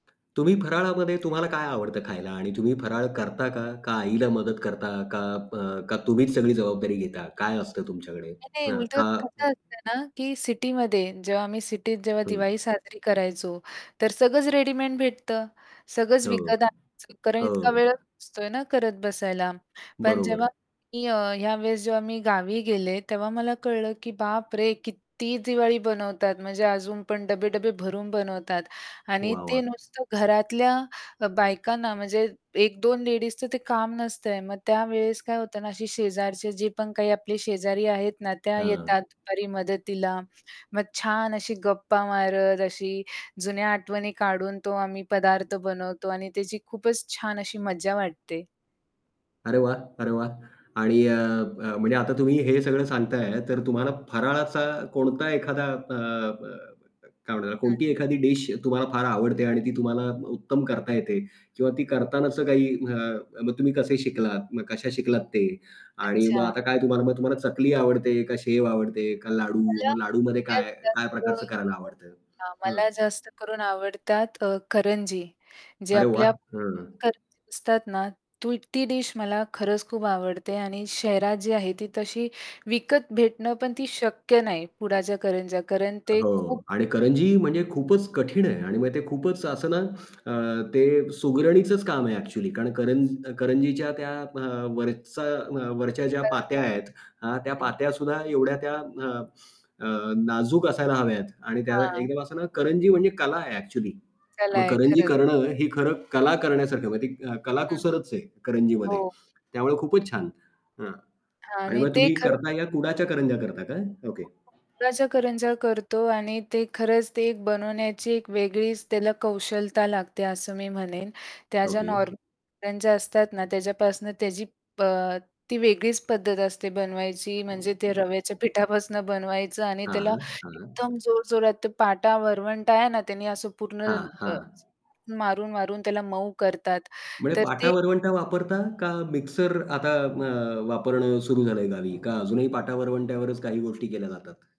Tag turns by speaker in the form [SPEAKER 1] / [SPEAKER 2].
[SPEAKER 1] तुम्ही फराळामध्ये तुम्हाला काय आवडतं खायला आणि तुम्ही फराळ करता का? का आईला मदत करता का? अ, का तुम्हीच सगळी जबाबदारी घेता? काय असतं तुमच्याकडे?
[SPEAKER 2] नाही, नाही.
[SPEAKER 1] हां,
[SPEAKER 2] उलटं
[SPEAKER 1] का
[SPEAKER 2] कसं
[SPEAKER 1] [unintelligible]
[SPEAKER 2] असतं ना, की सिटीमध्ये जेव्हा मी सिटीत जेव्हा
[SPEAKER 1] थोडं.
[SPEAKER 2] दिवाळी साजरी करायचो, तर सगळंच रेडीमेड भेटतं. सगळंच
[SPEAKER 1] हो,
[SPEAKER 2] विकत आणायचं, कारण इतका
[SPEAKER 1] हो.
[SPEAKER 2] वेळ असतो आहे ना करत बसायला. पण जेव्हा
[SPEAKER 1] बरोबर.
[SPEAKER 2] मी अ, या वेळेस जेव्हा मी गावी गेले, तेव्हा मला कळलं, की बापरे! किती दिवाळी बनवतात म्हणजे अजून पण डबे-डबे भरून बनवतात. आणि
[SPEAKER 1] वाह,
[SPEAKER 2] ते
[SPEAKER 1] वाह!
[SPEAKER 2] नुसतं घरातल्या अ, बायकांना म्हणजे 1-2 लेडीजचं ते काम नसतं आहे. मग त्यावेळेस काय होतं ना अशी शेजारचे जे पण काही आपले शेजारी आहेत ना, त्या
[SPEAKER 1] हां.
[SPEAKER 2] येतात दुपारी मदतीला, मग छान अशी गप्पा मारत अशी जुन्या आठवणी काढून तो आम्ही पदार्थ बनवतो आणि त्याची खूपच छान अशी मजा वाटते.
[SPEAKER 1] अरे वाह! अरे वाह! आणि अ, अ, म्हणजे आता तुम्ही हे सगळं सांगत आहे ना, तर तुम्हाला फराळाचा कोणता एखादा अ, अ, [unintelligible]
[SPEAKER 2] हं.
[SPEAKER 1] कोणती एखादी डिश तुम्हाला फार आवडते आणि ती तुम्हाला उत्तम करता येते. किंवा ती करतानाच काही अ, मग तुम्ही कसे शिकलात? मग कशा शिकलात ते? आणि मग
[SPEAKER 2] अच्छा.
[SPEAKER 1] आता काय तुम्हाला, मग तुम्हाला चकली आवडते, का शेव आवडते, का लाडू? मग लाडूमध्ये काय काय प्रकारचं
[SPEAKER 2] [unintelligible]
[SPEAKER 1] करायला आवडत?
[SPEAKER 2] हां,
[SPEAKER 1] हं.
[SPEAKER 2] मला जास्त करून आवडतात अ, करंजी. जे
[SPEAKER 1] अरे
[SPEAKER 2] आपल्या
[SPEAKER 1] वाह! हं.
[SPEAKER 2] करंजी असतात ना, [unintelligible] डिश मला खरंच खूप आवडते आणि शहरात जी आहे, ती तशी विकत भेटणं, पण ती शक्य नाही, पुडाच्या करंज्या. कारण ते खूप
[SPEAKER 1] हो. आणि करंजी म्हणजे खूपच कठीण आहे. आणि मग ते खूपच असं ना अ, ते सुगरणीचंच काम आहे एक्चुअली, कारण कर करंजीच्या त्या व वरचा अ, वरच्या ज्या पात्या
[SPEAKER 2] [unintelligible]
[SPEAKER 1] आहेत, हां. त्या
[SPEAKER 2] हं.
[SPEAKER 1] पात्या सुद्धा एवढ्या त्या अ, अ, नाजूक असायला हव्यात आणि त्या
[SPEAKER 2] हां.
[SPEAKER 1] एकदम असं ना करंजी म्हणजे कला आहे एक्चुअली.
[SPEAKER 2] कला
[SPEAKER 1] मग
[SPEAKER 2] आहे
[SPEAKER 1] करंजी
[SPEAKER 2] खरंच.
[SPEAKER 1] करणं ही खरं कला करण्यासारख आहे म्हणजे ती
[SPEAKER 2] हं.
[SPEAKER 1] कलाकुसरच आहे करंजीमध्ये
[SPEAKER 2] हो.
[SPEAKER 1] त्यामुळे खूपच छान. हं.
[SPEAKER 2] हां.
[SPEAKER 1] आणि
[SPEAKER 2] आणि
[SPEAKER 1] मग
[SPEAKER 2] ते
[SPEAKER 1] तुम्ही
[SPEAKER 2] खरं
[SPEAKER 1] करता या कुडाच्या करंज्या करता का? ओके.
[SPEAKER 2] गुळाच्या करंजा करतो आणि ते खरंच ते बनवण्याची एक वेगळीच त्याला कौशलता लागते असं मी म्हणेन. त्या ज्या
[SPEAKER 1] ओके.
[SPEAKER 2] नॉर्मल करंज्या असतात ना त्याच्यापासनं त्याची प ती वेगळीच पद्धत असते बनवायची म्हणजे ते रव्याच्या पिठापासून बनवायचं आणि त्याला
[SPEAKER 1] हां, हां.
[SPEAKER 2] एकदम जोरजोरात पाटा वरवंटा आहे ना, त्याने असं पूर्ण
[SPEAKER 1] हां,
[SPEAKER 2] अ,
[SPEAKER 1] हां.
[SPEAKER 2] मारून-मारून त्याला मऊ करतात.
[SPEAKER 1] म्हणजे
[SPEAKER 2] तर ते
[SPEAKER 1] पाटा-वरवंटा वापरता का मिक्सर आता मग वापरणं सुरू झालं आहे गावी? का अजूनही पाटा-वरवंट्यावरच काही गोष्टी केल्या जातात?